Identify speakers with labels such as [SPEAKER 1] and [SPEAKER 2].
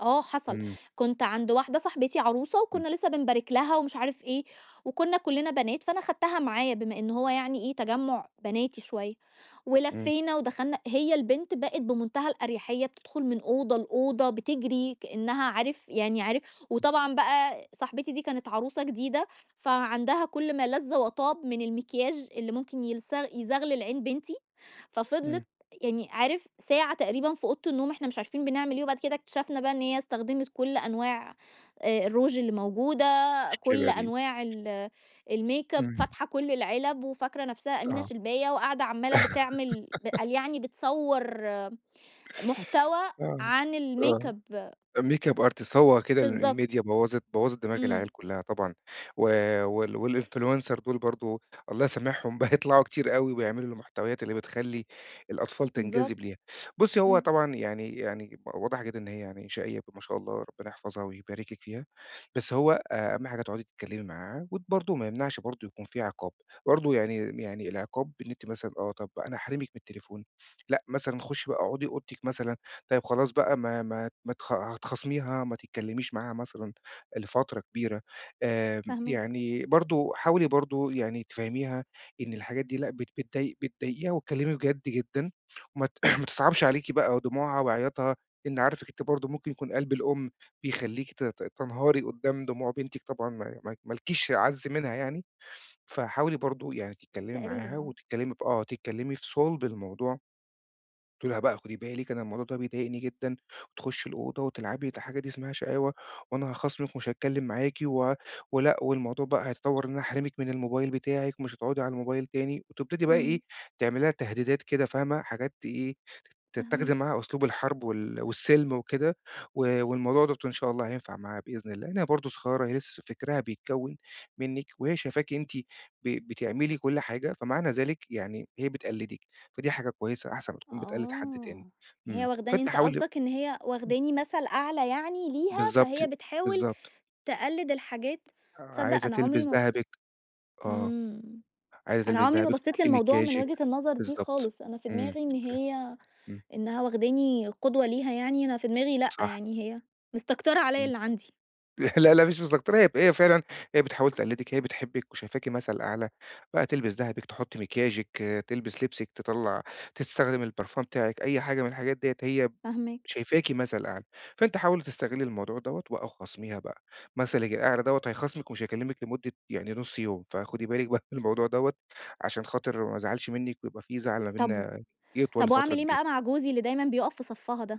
[SPEAKER 1] آه حصل،
[SPEAKER 2] إمم.
[SPEAKER 1] كُنت عند واحدة صاحبتي عروسة،
[SPEAKER 2] إمم.
[SPEAKER 1] وكُنّا لسّه بنبارك لها ومش عارف إيه، وكُنّا كُلِّنا بنات فأنا خدتها معايا بما إن هو يعني إيه، تجمُّع بناتي شوية،
[SPEAKER 2] إمم.
[SPEAKER 1] ولفّينا ودخلنا، هي البنت بقِت بمنتهى الأريحية بتدخل من أوضة لأوضة بتجري كأنّها عارف يعني عارف وطبعًا بقى صاحبتي دي كانت عروسة جديدة، فعندها كلّ ما لذ وطاب من المكياج اللي ممكن يلز يزغلل عين بنتي،
[SPEAKER 2] إمم.
[SPEAKER 1] ففضلِت يعني عارف ساعة تقريبًا في أوضة النوم إحنا مش عارفين بنعمل إيه، وبعد كده اكتشفنا بقى إن هي استخدمت كلّ أنواع آآ الروج الموجودة، كلّ
[SPEAKER 2] مشكلة دي.
[SPEAKER 1] أنواع ال الmakeup،
[SPEAKER 2] إمم.
[SPEAKER 1] فاتحة كلّ العلب وفاكرة نفْسها أمينة
[SPEAKER 2] آه.
[SPEAKER 1] شلباية وقاعدة عمّالة بتعمل ب قال يعني بتصوَّر محتوى
[SPEAKER 2] آه،
[SPEAKER 1] عن
[SPEAKER 2] آه،
[SPEAKER 1] الmakeup
[SPEAKER 2] makeup artist هو كده ال
[SPEAKER 1] بالضبط.
[SPEAKER 2] الMedia بوّظِت بوّظِت دماغ
[SPEAKER 1] إمم.
[SPEAKER 2] العيال كُلّها طبعًا، و وال والInfluencer دُول برضه الله يسامحهم بقوا يطلعوا كتير أوي، وبيعملوا المحتويات اللي بتخَلّي الأطفال تنجذب
[SPEAKER 1] بالضبط.
[SPEAKER 2] ليها، بُصّي هو
[SPEAKER 1] إمم.
[SPEAKER 2] طبعًا يعني يعني ب واضح جدًا إن هي يعني شقيّة ب ما شاء الله ربنا يحفظها ويبارك لِك فيها، بس هو أهم حاجة تُقعدي تتكلّمي معاها وت برضه ما يمنعش برضه يكون في عقاب، برضه يعني يعني العقاب إن أنتِ مثلًا آه، طب أنا هاحرمِك من التليفون، لأ مثلًا خُشّي بقى أقعُدي أوضتِك مثلًا، طيب خلاص بقى ما ما ما تخ هتخاصميها ما تتكلّميش معاها مثلًا لفترة كبيرة، آمم
[SPEAKER 1] فاهماك.
[SPEAKER 2] يعني برضه حاولي برضه يعني تفهّميها إن الحاجات دي لأ بت بتضاي بتضايقيها واتكلّمي بجد جدًا، وما ت ما تصعبش عليكِ بقى دموعها وعياطها، إن عارفِك أنتِ برضه ممكن يكون قلب الأُم، بيخلّيكِ ت ت تنهاري قُدّام دموع بنتِك طبعًا ما ما ما لكيش أعز منها يعني، فحاولي برضه يعني تتكلّمي
[SPEAKER 1] تقريبًا
[SPEAKER 2] معاها
[SPEAKER 1] آه.
[SPEAKER 2] وتتكلّمي ب آه، تتكلّمي في صُلب الموضوع. تقولي لها بقى خُدي بالك أنا الموضوع ده بيضايقني جدًا، تخُشي الأوضة وتلعبي ودي حاجة دي اسمها شقاوة، وأنا هاخاصمِك ومش هاتكلّم معاكِ و ولأ والموضوع بقى هيتطوَّر إن أنا أحرمِك من الموبايل بتاعِك ومش هتُقعُدي على الموبايل تاني، وتبتدي بقى إيه
[SPEAKER 1] إمم.
[SPEAKER 2] تعملي لها تهديدات كده، فاهمة؟ حاجات تإيه تتَّخِذي
[SPEAKER 1] فاهماك.
[SPEAKER 2] معاها أسلوب الحرب وال والسِلْم وكده، و والموضوع دوّة إن شاء الله هينفع معاها بإذن الله، لإن هي برضه صغيّرة هي لسّه فكرها بيتكوّن منِّك، وهي شايفاكِ أنتِ ب بتعملي كلّ حاجة، فمعنى ذلك يعني هي بتقلّدِك، فدي حاجة كويسة أحسن ما تكون بتقلِّد حد تاني،
[SPEAKER 1] آه، هي
[SPEAKER 2] إمم،
[SPEAKER 1] واخداني
[SPEAKER 2] فأنتِ
[SPEAKER 1] أنت
[SPEAKER 2] حاولي
[SPEAKER 1] قصدك إن هي
[SPEAKER 2] امم.
[SPEAKER 1] واخداني مثل أعلى يعني ليها،
[SPEAKER 2] بالضبط،
[SPEAKER 1] فهي بتحاول
[SPEAKER 2] بالضبط.
[SPEAKER 1] تقلّد الحاجات تصدّق
[SPEAKER 2] عايزة
[SPEAKER 1] أنا عمري
[SPEAKER 2] تلبس
[SPEAKER 1] م
[SPEAKER 2] دهبِك آه،
[SPEAKER 1] إمم،
[SPEAKER 2] عايزة
[SPEAKER 1] أنا
[SPEAKER 2] تلبس
[SPEAKER 1] عمري ما
[SPEAKER 2] دهبِك،
[SPEAKER 1] بصّيت
[SPEAKER 2] تحط
[SPEAKER 1] للموضوع من
[SPEAKER 2] مكياجِك،
[SPEAKER 1] وجهة النظر دي
[SPEAKER 2] بالضبط،
[SPEAKER 1] خالص، أنا في
[SPEAKER 2] إمم،
[SPEAKER 1] دماغي إن
[SPEAKER 2] أوكي،
[SPEAKER 1] هي،
[SPEAKER 2] إمم.
[SPEAKER 1] إنها واخداني قدوة ليها يعني، أنا في دماغي لأ
[SPEAKER 2] صح.
[SPEAKER 1] يعني هي، مستكترة عليَّ
[SPEAKER 2] إمم.
[SPEAKER 1] اللي عندي.
[SPEAKER 2] لا، لا، مش مستكترة هي ف هي فعلًا، هي بتحاول تقلّدِك هي بتحبِّك وشايفاكِ مثل أعلى، بقى تلبس دهبِك، تحُط مكياجِك، تلبس لبسِك تطَلّع تستخدم البرفان بتاعِك، أي حاجة من الحاجات ديّة هي ب
[SPEAKER 1] فاهماك.
[SPEAKER 2] شايفاكِ مثل أعلى، فأنتِ حاولي تستغلّي الموضوع دوّة وآه وخاصميها بقى، مثلًِك الأعلى دوّة هيخاصمِك ومش هيكلِّمِك لمُدة يعني نُص يوم، فخُدي بالِك بقى من الموضوع دوّة، عشان خاطر ما ازعلش منّك ويبقى في زعل ما
[SPEAKER 1] طب
[SPEAKER 2] بينّا يطوَل
[SPEAKER 1] طب
[SPEAKER 2] لفترة
[SPEAKER 1] وأعمل إيه
[SPEAKER 2] كبيرة.
[SPEAKER 1] بقى مع جوزي اللي دايمًا بيُقف في صفّها ده؟